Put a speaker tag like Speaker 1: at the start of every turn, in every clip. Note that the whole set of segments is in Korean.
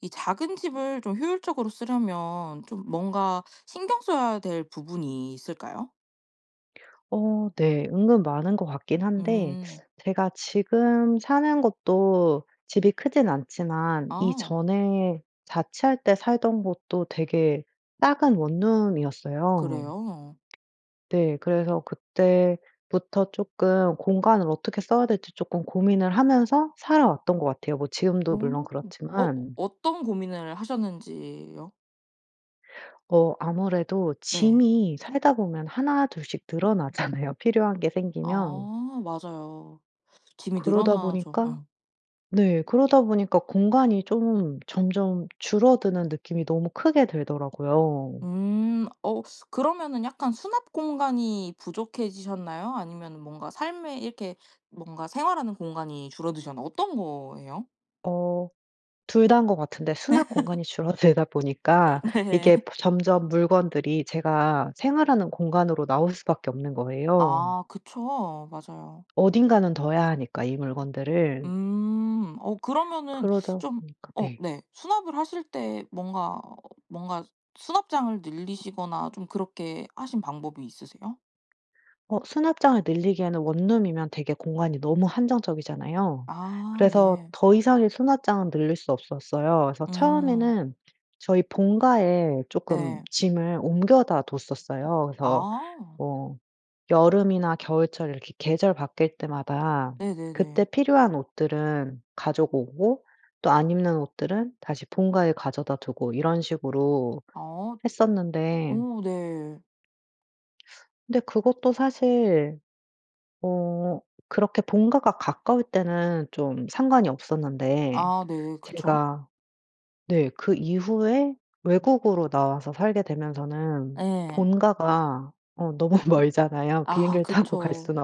Speaker 1: 이 작은 집을 좀 효율적으로 쓰려면 좀 뭔가 신경 써야 될 부분이 있을까요?
Speaker 2: 어 네. 은근 많은 것 같긴 한데
Speaker 1: 음.
Speaker 2: 제가 지금 사는 곳도 집이 크진 않지만
Speaker 1: 아.
Speaker 2: 이전에 자취할 때 살던 곳도 되게 작은 원룸이었어요.
Speaker 1: 그래요?
Speaker 2: 네. 그래서 그때부터 쪼끔 공간을 어떻게 써야 될지 쪼끔 고민을 하면서 살아 왔던 것 같아요 뭐 지금도 물론
Speaker 1: 음. 어
Speaker 2: 그렇지만.
Speaker 1: 어떤 고민을 하셨는지요?
Speaker 2: 어. 아무래도
Speaker 1: 네.
Speaker 2: 짐이 살다 보면 1-2 씩 늘어나잖아요 필요한 게 생기면.
Speaker 1: 아 맞아요. 짐이
Speaker 2: 그러다
Speaker 1: 늘어나죠.
Speaker 2: 보니까
Speaker 1: 어.
Speaker 2: 네 그러다 보니까 공간이 좀 점점 줄어드는 느낌이 너무 크게 들더라고요.
Speaker 1: 음. 어 그러면은 약간 수납공간이 부족해지셨나요? 아니면은 뭔가 삶에 이렇게 뭔가 생활하는 공간이 줄어드셨나요? 어떤 거예요?
Speaker 2: 어. 2 다인 것 같은데 수납공간이 줄어들다 보니까
Speaker 1: 네.
Speaker 2: 이게 프 점점 물건들이 제가 생활하는 공간으로 나올 수밖에 없는 거예요.
Speaker 1: 아. 그쵸. 맞아요.
Speaker 2: 어딘가는 둬야 하니까 이 물건들을.
Speaker 1: 음. 어 그러면은
Speaker 2: 그러다
Speaker 1: 좀
Speaker 2: 보니까
Speaker 1: 어
Speaker 2: 네.
Speaker 1: 네 수납을 하실 때 뭔가, 뭔가 수납장을 늘리시거나 좀 그렇게 하신 방법이 있으세요?
Speaker 2: 어 수납장을 늘리기에는 원룸이면 되게 공간이 너무 한정적이잖아요.
Speaker 1: 아.
Speaker 2: 그래서
Speaker 1: 네.
Speaker 2: 더 이상의 수납장은 늘릴 수 없었어요. 그래서
Speaker 1: 음.
Speaker 2: 처음에는 저희 본가에 쪼끔
Speaker 1: 네.
Speaker 2: 짐을 옮겨다 뒀었어요. 그래서
Speaker 1: 아.
Speaker 2: 뭐 여름이나 겨울철 이렇게 계절 바뀔 때마다 그때
Speaker 1: 네네네.
Speaker 2: 필요한 옷들은 가지고 오고 또 안 입는 옷들은 다시 본가에 가져다 두고 이런 식으로
Speaker 1: 아
Speaker 2: 했었는데
Speaker 1: 어 네.
Speaker 2: 근데 그것도 사실 어 그렇게 본가가 가까울 때는 좀 상관이 없었는데
Speaker 1: 아 네. 그쵸.
Speaker 2: 제가 네 그 이후에 외국으로 나와서 살게 되면서는
Speaker 1: 예.
Speaker 2: 본가가 어 너무 멀잖아요.
Speaker 1: 아
Speaker 2: 비행기를 타고 갈
Speaker 1: 그쵸.
Speaker 2: 수는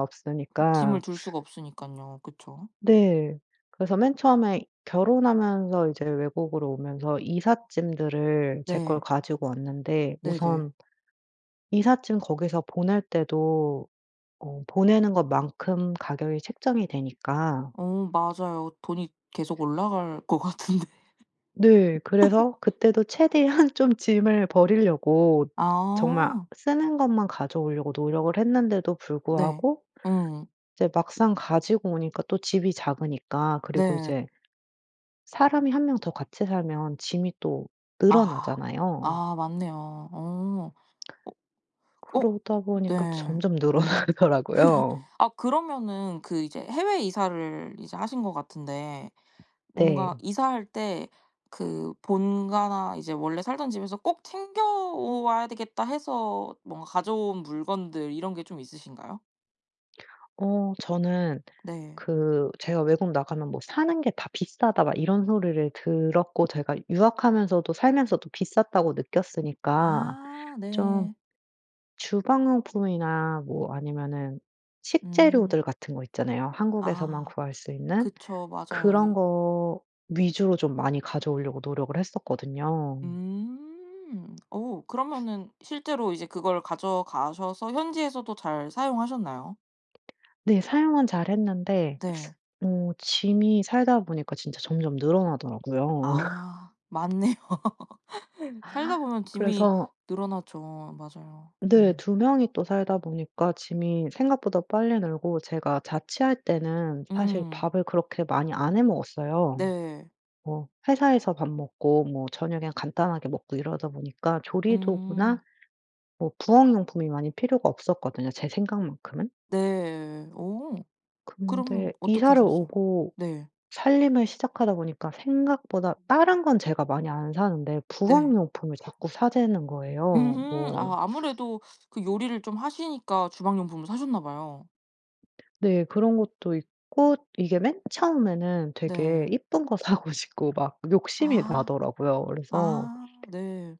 Speaker 1: 짐을
Speaker 2: 없으니까.
Speaker 1: 둘 수가 없으니깐요. 그쵸.
Speaker 2: 네. 그래서 맨 처음에 결혼하면서 이제 외국으로 오면서 이삿짐들을 제 걸
Speaker 1: 네.
Speaker 2: 가지고 왔는데
Speaker 1: 네네.
Speaker 2: 우선 이삿짐 거기서 보낼 때도 어 보내는 것 만큼 가격이 책정이 되니까
Speaker 1: 어. 맞아요 돈이 계속 올라갈 것 같은데.
Speaker 2: 네. 그래서 그때도 최대한 좀 짐을 버리려고 정말
Speaker 1: 아.
Speaker 2: 쓰는 것만 가져오려고 노력을 했는데도
Speaker 1: 네.
Speaker 2: 불구하고
Speaker 1: 음.
Speaker 2: 이제 막상 가지고 오니까 또 집이 작으니까 그리고
Speaker 1: 네.
Speaker 2: 이제 사람이 1 명 더 같이 살면 짐이 또
Speaker 1: 아.
Speaker 2: 늘어나잖아요.
Speaker 1: 아 맞네요. 어. 어 어
Speaker 2: 그러다 보니까
Speaker 1: 네.
Speaker 2: 점점 늘어나더라고요.
Speaker 1: 아 그러면은 그 이제 해외 이사를 이제 하신 것 같은데 뭔가
Speaker 2: 네.
Speaker 1: 이사할 때 그 본가나 이제 원래 살던 집에서 '꼭 챙겨와야 되겠다.' 해서 뭔가 가져온 물건들 이런 게 좀 있으신가요?
Speaker 2: 어 저는
Speaker 1: 네.
Speaker 2: 그 제가 "외국 나가면 뭐 사는 게 다 비싸다." 막 이런 소리를 들었고 제가 '유학하면서도 살면서도 비쌌다.'고 느꼈으니까
Speaker 1: 아
Speaker 2: 좀
Speaker 1: 네.
Speaker 2: 주방용품이나 뭐 아니면은
Speaker 1: 음.
Speaker 2: 식재료들 같은 거 있잖아요. 한국에서만
Speaker 1: 아
Speaker 2: 구할 수 있는
Speaker 1: 그쵸. 맞아요.
Speaker 2: 그런
Speaker 1: 이
Speaker 2: 거 위주로 좀 많이 가져 오려고 노력을 했었거든요.
Speaker 1: 음. 어 그러면은 실제로 이제 그걸 가져가셔서 현지에서도 잘 사용하셨나요?
Speaker 2: 네. 사용은 잘 했는데
Speaker 1: 네.
Speaker 2: 어 짐이 살다 보니까 진짜 점점 늘어나더라고요.
Speaker 1: 아 맞네요. 살다보면 짐이
Speaker 2: 그래서
Speaker 1: 늘어나죠. 맞아요.
Speaker 2: 네.
Speaker 1: 음.
Speaker 2: 2 명이 또 살다 보니까 짐이 생각보다 빨리 늘고 제가 자취할 때는 사실
Speaker 1: 음.
Speaker 2: 밥을 그렇게 많이 안 해 먹었어요.
Speaker 1: 네.
Speaker 2: 뭐 회사에서 밥 먹고 뭐 저녁에 간단하게 먹고 이러다 보니까
Speaker 1: 음.
Speaker 2: 조리도구나 뭐 부엌 용품이 많이 필요가 없었거든요 제 생각만큼은.
Speaker 1: 네. 어 그러면
Speaker 2: 근데
Speaker 1: 어떻게
Speaker 2: 이사를
Speaker 1: 하셨어요?
Speaker 2: 오고
Speaker 1: 네.
Speaker 2: 살림을 시작하다 보니까 생각보다 다른 건 제가 많이 안 사는데 부엌
Speaker 1: 네.
Speaker 2: 용품을 자꾸 사 재는 거예요.
Speaker 1: 으흠.
Speaker 2: 뭐
Speaker 1: 아 아무래도 그 요리를 좀 하시니까 주방용품을 사셨나 봐요.
Speaker 2: 네. 그런 것도 있고 이게 맨 처음에는 되게
Speaker 1: 네.
Speaker 2: 이쁜 거 사고 싶고 막 욕심이
Speaker 1: 아
Speaker 2: 나더라고요. 그래서
Speaker 1: 아 네.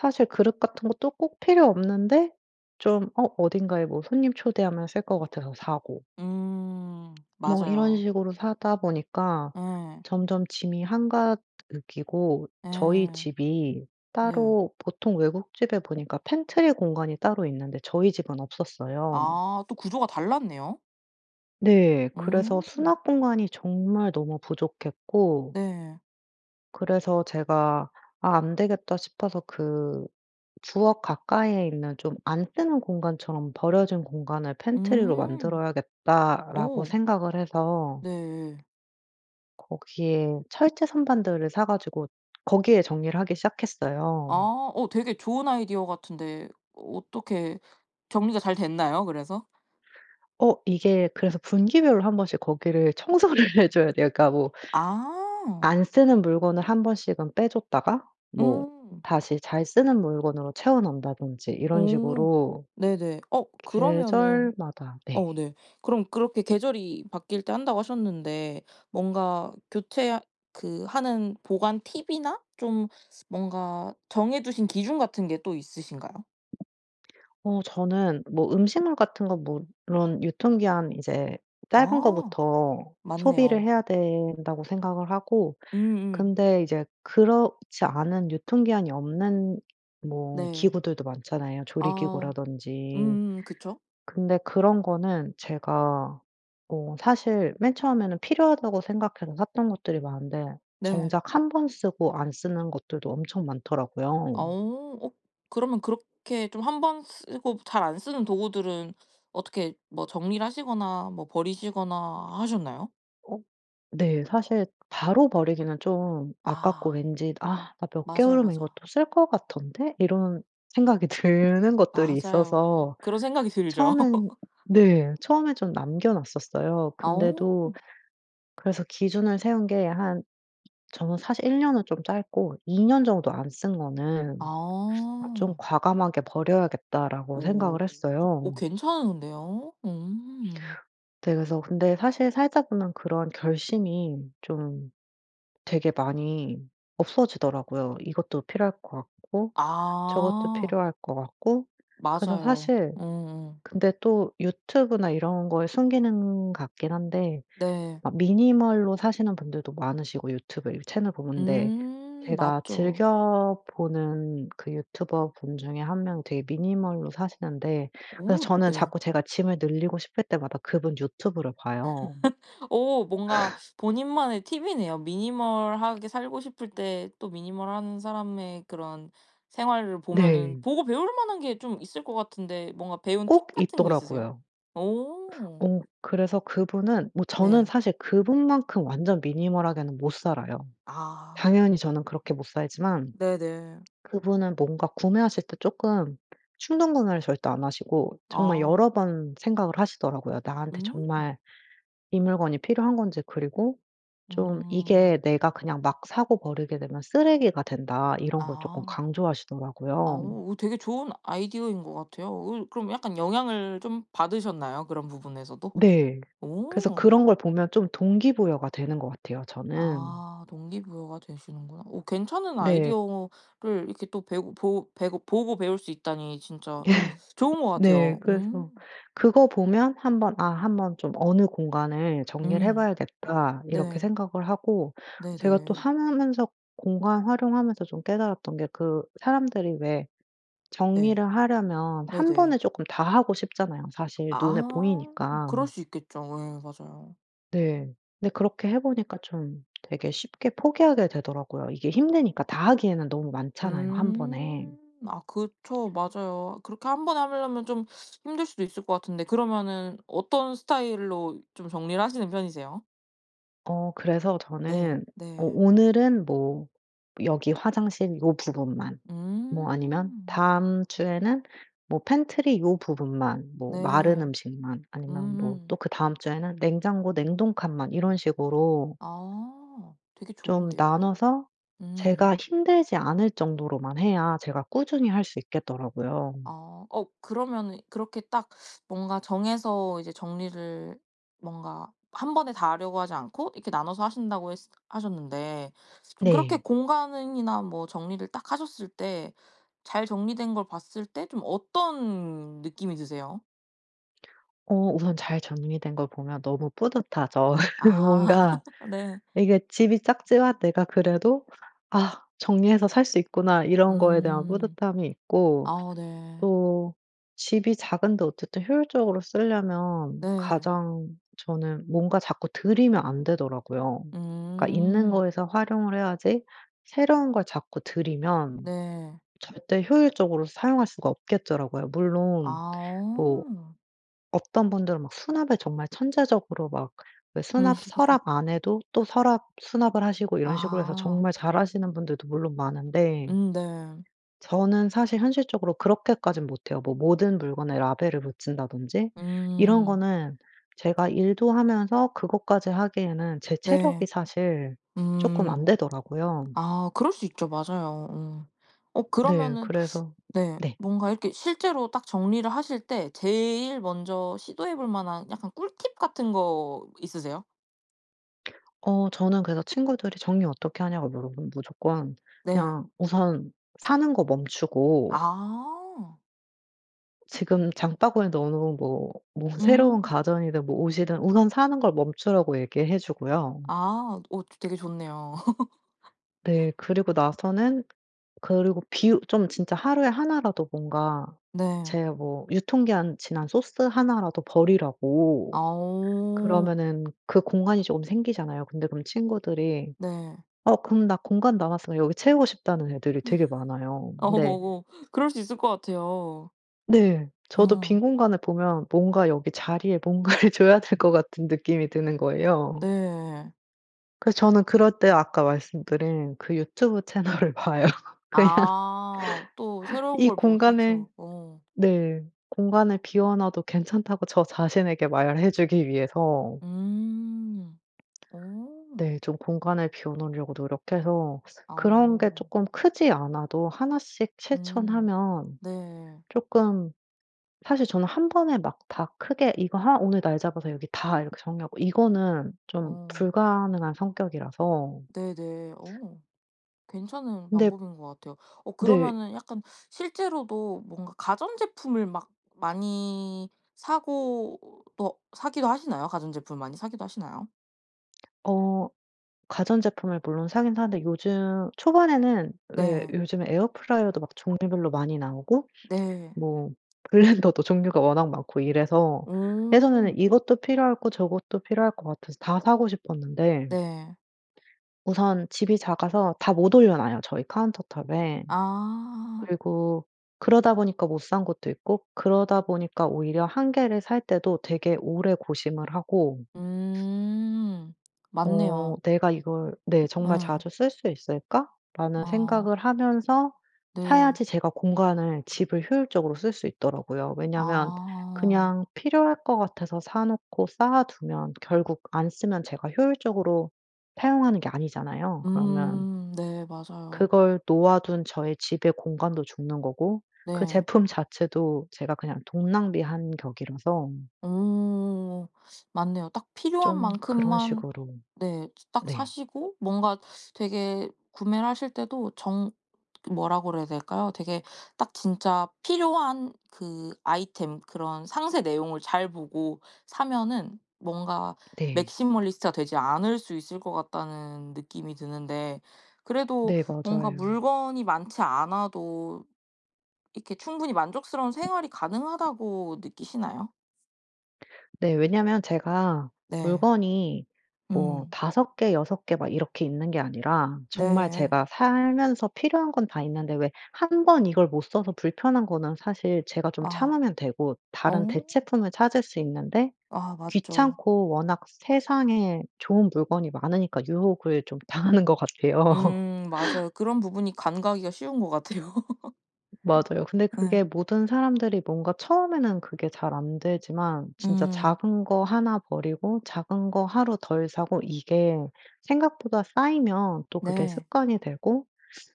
Speaker 2: 사실 그릇 같은 것도 꼭 필요 없는데 좀 어 어딘가에 뭐 손님 초대하면 쓸 것 같아서 사고
Speaker 1: 음.
Speaker 2: 뭐 이런
Speaker 1: 맞아요.
Speaker 2: 식으로 사다 보니까
Speaker 1: 예.
Speaker 2: 점점 짐이 한가득이고
Speaker 1: 예.
Speaker 2: 저희 집이
Speaker 1: 네.
Speaker 2: 따로 보통 외국 집에 보니까 pantry 공간이 따로 있는데 저희 집은 없었어요.
Speaker 1: 아 또 구조가 달랐네요.
Speaker 2: 네. 그래서
Speaker 1: 음.
Speaker 2: 수납 공간이 정말 너무 부족했고
Speaker 1: 네.
Speaker 2: 그래서 제가 '아 안되겠다.' 싶어서 그 '부엌 가까이에 있는 좀 안 쓰는 공간처럼 버려진 공간을 pantry로
Speaker 1: 음.
Speaker 2: 만들어야겠다.'라고
Speaker 1: 어.
Speaker 2: 생각을 해서
Speaker 1: 네.
Speaker 2: 거기에 철제 선반들을 사 가지고 거기에 정리를 하기 시작했어요.
Speaker 1: 아 어 되게 좋은 아이디어 같은데 어떻게 정리가 잘 됐나요? 그래서?
Speaker 2: 어 이게 그래서 분기별로 1 번씩 거기를 청소를 해 줘야 돼요. 그러니까 뭐
Speaker 1: 아.
Speaker 2: 안 쓰는 물건을 1 번씩은 빼 줬다가 뭐
Speaker 1: 음.
Speaker 2: 다시 잘 쓰는 물건으로 채워 넣는다든지 이런
Speaker 1: 어
Speaker 2: 식으로
Speaker 1: 네네. 어 그러면은
Speaker 2: 계절마다 네.
Speaker 1: 어 네 그럼 그렇게 계절이 바뀔 때 한다고 하셨는데 뭔가 교체하 그 하는 보관 팁이나 좀 뭔가 정해 두신 기준 같은 게 또 있으신가요?
Speaker 2: 어 저는 뭐 음식물 같은 거 물론 유통기한 이제 짧은
Speaker 1: 아
Speaker 2: 거부터 소비를
Speaker 1: 맞네요.
Speaker 2: 해야 된다고 생각을 하고
Speaker 1: 음음.
Speaker 2: 근데 이제 그렇지 않은 유통기한이 없는 뭐
Speaker 1: 네.
Speaker 2: 기구들도 많잖아요.
Speaker 1: 아.
Speaker 2: 조리기구라든지.
Speaker 1: 음 그쵸.
Speaker 2: 근데 그런 거는 제가 어 사실 맨 처음에는 필요하다고 생각해서 샀던 것들이 많은데
Speaker 1: 네.
Speaker 2: 정작 1 번 쓰고 안 쓰는 것들도 엄청 많더라고요.
Speaker 1: 어 어 그러면 그렇게 좀 한 번 쓰고 잘 안 쓰는 도구들은 어떻게 뭐 정리를 하시거나 뭐 버리시거나 하셨나요?
Speaker 2: 어 네 사실 바로 버리기는 좀 아깝고
Speaker 1: 아.
Speaker 2: 왠지 '아 나 몇
Speaker 1: 맞아요.
Speaker 2: 개월이면
Speaker 1: 맞아.
Speaker 2: 이것도 쓸 거 같던데?' 이런 생각이 드는 것들이
Speaker 1: 맞아요.
Speaker 2: 있어서
Speaker 1: 그런 생각이 들죠.
Speaker 2: 처음엔 네 처음에 좀 남겨 놨었어요.
Speaker 1: 어.
Speaker 2: 근데도 그래서 기준을 세운 게 한 저는 사실 1 년은 좀 짧고 '2 년 정도 안 쓴 거는 좀
Speaker 1: 아.
Speaker 2: 과감하게 버려야겠다.'라고
Speaker 1: 오
Speaker 2: 생각을 했어요.
Speaker 1: 오 괜찮은데요. 음.
Speaker 2: 네. 그래서 근데 사실 살다 보면 그런 결심이 좀 되게 많이 없어지더라고요. 이것도 필요할 것 같고 저것도
Speaker 1: 아.
Speaker 2: 필요할 것 같고. 그래서
Speaker 1: 맞아요.
Speaker 2: 사실
Speaker 1: 음음.
Speaker 2: 근데 또 유튜브나 이런 거의 순기능 같긴 한데
Speaker 1: 네.
Speaker 2: 막 minimal로 사시는 분들도 많으시고 유튜브 이렇게 채널 보는데.
Speaker 1: 음
Speaker 2: 제가
Speaker 1: 맞죠.
Speaker 2: 즐겨보는 그 유튜버분 중에 1 명이 되게 minimal로 사시는데 그래서
Speaker 1: 오
Speaker 2: 저는
Speaker 1: 네.
Speaker 2: 자꾸 제가 짐을 늘리고 싶을 때마다 그분 유튜브를 봐요.
Speaker 1: 어 뭔가 본인만의 팁이네요. minimal 하게 살고 싶을 때 또 minimal 한 사람의 그런 생활을 보면은
Speaker 2: 네.
Speaker 1: 보고 배울 만한 게 좀 있을 것 같은데 뭔가 배운
Speaker 2: 꼭
Speaker 1: 팁 같은 거 있으세요?
Speaker 2: 있더라고요.
Speaker 1: 오.
Speaker 2: 어 그래서 그분은 뭐 저는
Speaker 1: 네.
Speaker 2: 사실 그분만큼 완전 minimal 하게는 못 살아요.
Speaker 1: 아.
Speaker 2: 당연히 저는 그렇게 못 살지만
Speaker 1: 네네.
Speaker 2: 그분은 뭔가 구매하실 때 쪼끔 충동구매를 절대 안 하시고 정말
Speaker 1: 아.
Speaker 2: 여러 번 생각을 하시더라고요. 나한테
Speaker 1: 음.
Speaker 2: 정말 이 물건이 필요한 건지 그리고 좀
Speaker 1: 음.
Speaker 2: "이게 내가 그냥 막 사고 버리게 되면 쓰레기가 된다." 이런 걸 쪼끔
Speaker 1: 아. 아
Speaker 2: 강조하시더라고요.
Speaker 1: 어 되게 좋은 아이디어인 것 같아요. 그 그럼 약간 영향을 좀 받으셨나요? 그런 부분에서도?
Speaker 2: 네. 그래서
Speaker 1: 오.
Speaker 2: 그런 걸 보면 좀 동기부여가 되는 것 같아요 저는.
Speaker 1: 아 동기부여가 되시는구나. 오 괜찮은
Speaker 2: 네.
Speaker 1: 아이디어를 이렇게 또 배우고 보고 배고 보고 배울 수 있다니 진짜
Speaker 2: 네.
Speaker 1: 좋은 것
Speaker 2: 네.
Speaker 1: 같아요.
Speaker 2: 그래서
Speaker 1: 음.
Speaker 2: 그거 보면 한번 아 한번 좀 어느 공간을 정리를
Speaker 1: 음.
Speaker 2: 해봐야겠다. 이렇게
Speaker 1: 네.
Speaker 2: 생각을 하고 제가 또
Speaker 1: 네네.
Speaker 2: 하며 하면서 공간 활용하면서 좀 깨달았던 게 그 사람들이 왜
Speaker 1: 네.
Speaker 2: 정리를 하려면 1
Speaker 1: 네네.
Speaker 2: 번에 쪼끔 다 하고 싶잖아요 사실 눈에
Speaker 1: 아
Speaker 2: 보이니까.
Speaker 1: 그럴 수 있겠죠. 예. 맞아요.
Speaker 2: 네. 근데 그렇게 해 보니까 좀 되게 쉽게 포기하게 되더라고요. 이게 힘드니까 다 하기에는 너무 많잖아요 1
Speaker 1: 음
Speaker 2: 번에.
Speaker 1: 아 그쵸. 맞아요. 그렇게 1 번에 하려면 좀 힘들 수도 있을 것 같은데 그러면은 어떤 스타일로 좀 정리를 하시는 편이세요?
Speaker 2: 어 그래서
Speaker 1: 네.
Speaker 2: 저는 어
Speaker 1: 네.
Speaker 2: 오늘은 뭐 여기 화장실 요 부분만 뭐 아니면
Speaker 1: 음.
Speaker 2: 다음 주에는 뭐 팬트리 요 부분만 뭐 마른
Speaker 1: 네.
Speaker 2: 음식만 아니면 뭐
Speaker 1: 음.
Speaker 2: 또 그다음 주에는 냉장고 냉동 칸만 이런 식으로
Speaker 1: 아 되게
Speaker 2: 좀
Speaker 1: 좋은데요.
Speaker 2: 나눠서
Speaker 1: 음.
Speaker 2: 제가 힘들지 않을 정도로만 해야 제가 꾸준히 할 수 있겠더라고요.
Speaker 1: 아 어 그러면은 그렇게 딱 뭔가 정해서 이제 정리를 뭔가 한 번에 다 하려고 하지 않고 이렇게 나눠서 하신다고 했으 하셨는데 좀 그렇게
Speaker 2: 네.
Speaker 1: 공간으 이나 뭐 정리를 딱 하셨을 때 잘 정리된 걸 봤을 때 좀 어떤 느낌이 드세요?
Speaker 2: 어 우선 잘 정리된 걸 보면 너무 뿌듯하죠.
Speaker 1: 아
Speaker 2: 뭔가
Speaker 1: 네.
Speaker 2: 이게 집이 작지만 내가 그래도 '아 정리해서 살 수 있구나.' 이런 거에 대한
Speaker 1: 음.
Speaker 2: 뿌듯함이 있고
Speaker 1: 아 네.
Speaker 2: 또 집이 작은데 어쨌든 효율적으로 쓰려면
Speaker 1: 네.
Speaker 2: 가장 저는 뭔가 자꾸 들이면 안 되더라고요. 그니까 있는
Speaker 1: 음.
Speaker 2: 거에서 활용을 해야지. 새로운 걸 자꾸 들이면
Speaker 1: 네.
Speaker 2: 절대 효율적으로 사용할 수가 없겠더라고요. 물론 뭐
Speaker 1: 아.
Speaker 2: 어떤 분들은 막 수납에 정말 천재적으로 막 그
Speaker 1: 음.
Speaker 2: 수납 서랍 안에도 또 서랍 수납을 하시고 이런 식으로 해서
Speaker 1: 아.
Speaker 2: 정말 잘하시는 분들도 물론 많은데
Speaker 1: 음 네.
Speaker 2: 저는 사실 현실적으로 그렇게까진 못해요. 뭐 모든 물건에 라벨을 붙인다든지. 이런
Speaker 1: 음.
Speaker 2: 거는 제가 일도 하면서 그것까지 하기에는 제 체력이
Speaker 1: 네.
Speaker 2: 사실 쪼끔
Speaker 1: 음
Speaker 2: 안 되더라고요.
Speaker 1: 아 그럴 수 있죠. 맞아요. 응. 어
Speaker 2: 네.
Speaker 1: 그러면은
Speaker 2: 그래서
Speaker 1: 네.
Speaker 2: 네.
Speaker 1: 뭔가 이렇게 실제로 딱 정리를 하실 때 제일 먼저 시도해 볼 만한 약간 꿀팁 같은 거 있으세요?
Speaker 2: 어 저는 그래서 친구들이 정리 어떻게 하냐고 물어보면 무조건
Speaker 1: 네.
Speaker 2: 그냥 우선 사는 거 멈추고
Speaker 1: 아.
Speaker 2: 지금 장바구니에 넣어놓은 뭐 뭐 새로운
Speaker 1: 음.
Speaker 2: 가전이든 뭐 옷이든 우선 사는 걸 멈추라고 얘기해 주고요.
Speaker 1: 아. 오 저 되게 좋네요.
Speaker 2: 네. 그리고 나서는 그리고 비우 좀 진짜 하루에 1 라도 뭔가
Speaker 1: 네.
Speaker 2: 제 뭐 유통기한 지난 소스 1 라도 버리라고.
Speaker 1: 아오.
Speaker 2: 그러면은 그 공간이 조금 생기잖아요. 근데 그럼 친구들이
Speaker 1: 네.
Speaker 2: 어 그럼 나 공간 남았으면 여기 채우고 싶다는 애들이 되게 많아요.
Speaker 1: 아.
Speaker 2: 근데
Speaker 1: 오오. 그럴 수 있을 것 같아요.
Speaker 2: 네. 저도 빈
Speaker 1: 어.
Speaker 2: 공간을 보면 뭔가 여기 자리에 뭔가를 줘야 될 것 같은 느낌이 드는 거예요.
Speaker 1: 네.
Speaker 2: 그래서 저는 그럴 때 아까 말씀드린 그 유튜브 채널을 봐요 그냥.
Speaker 1: 아. 또 새로운
Speaker 2: 이
Speaker 1: 걸
Speaker 2: 공간을
Speaker 1: 보면서. 어.
Speaker 2: 네 공간을 비워놔도 괜찮다고 저 자신에게 말해 주기 위해서
Speaker 1: 음. 오.
Speaker 2: 네. 좀 공간을 비워 놓으려고 노력해서. 그런 게
Speaker 1: 아오.
Speaker 2: 쪼끔 크지 않아도 1 씩
Speaker 1: 음.
Speaker 2: 실천하면
Speaker 1: 네.
Speaker 2: 쪼끔 사실 저는 1 번에 막 다 크게 이거 하 오늘 날 잡아서 여기 다 이렇게 정리하고. 이거는 좀
Speaker 1: 어.
Speaker 2: 불가능한 성격이라서
Speaker 1: 네네. 어. 괜찮은
Speaker 2: 근데
Speaker 1: 방법인 것 같아요. 어
Speaker 2: 네.
Speaker 1: 그러면은 약간 실제로도 뭔가 가전제품을 막 많이 사고 또 사기도 하시나요? 가전제품을 많이 사기도 하시나요?
Speaker 2: 어 가전제품을 물론 사긴 사는데 요즘 초반에는 왜
Speaker 1: 네.
Speaker 2: 요즘에 에어프라이어도 막 종류별로 많이 나오고
Speaker 1: 네.
Speaker 2: 뭐 블랜더도 종류가 워낙 많고 이래서
Speaker 1: 음.
Speaker 2: 예전에는 이것도 필요하고 저것도 필요할 것 같아서 다 사고 싶었는데
Speaker 1: 네.
Speaker 2: 우선 집이 작아서 다 못 올려놔요. 저희 카운터 탑에.
Speaker 1: 아.
Speaker 2: 그리고 그러다 보니까 못 산 것도 있고 그러다 보니까 오히려 1 개를 살 때도 되게 오래 고심을 하고
Speaker 1: 음
Speaker 2: 어
Speaker 1: 맞네요.
Speaker 2: '내가 이걸' 네 '정말
Speaker 1: 예.
Speaker 2: 자주 쓸 수 있을까.'라는
Speaker 1: 아.
Speaker 2: 생각을 하면서
Speaker 1: 네.
Speaker 2: 사야지 제가 공간을 집을 효율적으로 쓸 수 있더라고요. 왜냐하면
Speaker 1: 아.
Speaker 2: 그냥 필요할 것 같아서 사놓고 쌓아 두면 결국 안 쓰면 제가 효율적으로 사용하는 게 아니잖아요. 그러면
Speaker 1: 음 네. 맞아요.
Speaker 2: 그걸 놓아 둔 저의 집에 공간도 죽는 거고 그
Speaker 1: 네.
Speaker 2: 제품 자체도 제가 그냥 돈 낭비한 격이라서
Speaker 1: 오 맞네요. 딱 필요한
Speaker 2: 좀 그런
Speaker 1: 만큼만
Speaker 2: 식으로
Speaker 1: 네 즈 딱
Speaker 2: 네.
Speaker 1: 사시고 뭔가 되게 구매를 하실 때도 정 그 뭐라 그래야 될까요? 되게 딱 진짜 필요한 그 아이템 그런 상세 내용을 잘 보고 사면은 뭔가
Speaker 2: 네.
Speaker 1: '맥시멀리스트가 되지 않을 수 있을 것 같다.'는 느낌이 드는데 그래도
Speaker 2: 네.
Speaker 1: 뭔가
Speaker 2: 맞아요.
Speaker 1: 물건이 많지 않아도 이렇게 충분히 만족스러운 생활이 가능하다고 느끼시나요?
Speaker 2: 네. 왜냐하면 제가
Speaker 1: 네.
Speaker 2: 물건이 뭐
Speaker 1: 음.
Speaker 2: 5 개, 6 개 막 이렇게 있는 게 아니라 정말
Speaker 1: 네.
Speaker 2: 제가 살면서 필요한 건 다 있는데 왜 1 번 이걸 못 써서 불편한 거는 사실 제가 좀
Speaker 1: 아
Speaker 2: 참으면 되고 다른
Speaker 1: 어.
Speaker 2: 대체품을 찾을 수 있는데
Speaker 1: 아 맞죠.
Speaker 2: 귀찮고 워낙 세상에 좋은 물건이 많으니까 유혹을 좀 당하는 것 같아요.
Speaker 1: 음 맞아요. 그런 부분이 간과하기가 쉬운 것 같아요.
Speaker 2: 맞아요. 근데
Speaker 1: 네.
Speaker 2: 그게 모든 사람들이 뭔가 처음에는 그게 잘 안 되지만 진짜
Speaker 1: 음.
Speaker 2: 작은 거 1 버리고 작은 거 하루 덜 사고 이게 생각보다 쌓이면 또 그게
Speaker 1: 네.
Speaker 2: 습관이 되고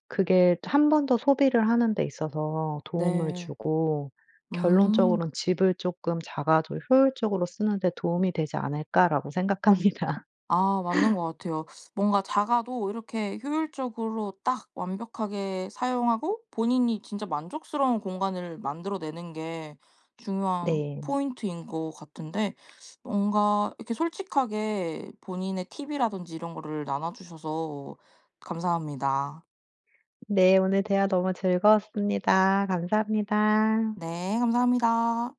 Speaker 2: 그게 또 1 번 더 소비를 하는 데 있어서 도움을
Speaker 1: 네.
Speaker 2: 주고
Speaker 1: 음.
Speaker 2: 결론적으론 '집을 쪼끔 작아도 효율적으로 쓰는 데 도움이 되지 않을까.'라고 생각합니다.
Speaker 1: 아 맞는 것 같아요. 뭔가 작아도 이렇게 효율적으로 딱 완벽하게 사용하고 본인이 진짜 만족스러운 공간을 만들어 내는 게 중요한
Speaker 2: 네.
Speaker 1: 포인트인 것 같은데 뭔가 이렇게 솔직하게 본인의 팁 이라든지 이런 거를 나눠 주셔서 감사합니다.
Speaker 2: 네. 오늘 대화 너무 즐거웠습니다. 감사합니다.
Speaker 1: 네. 감사합니다.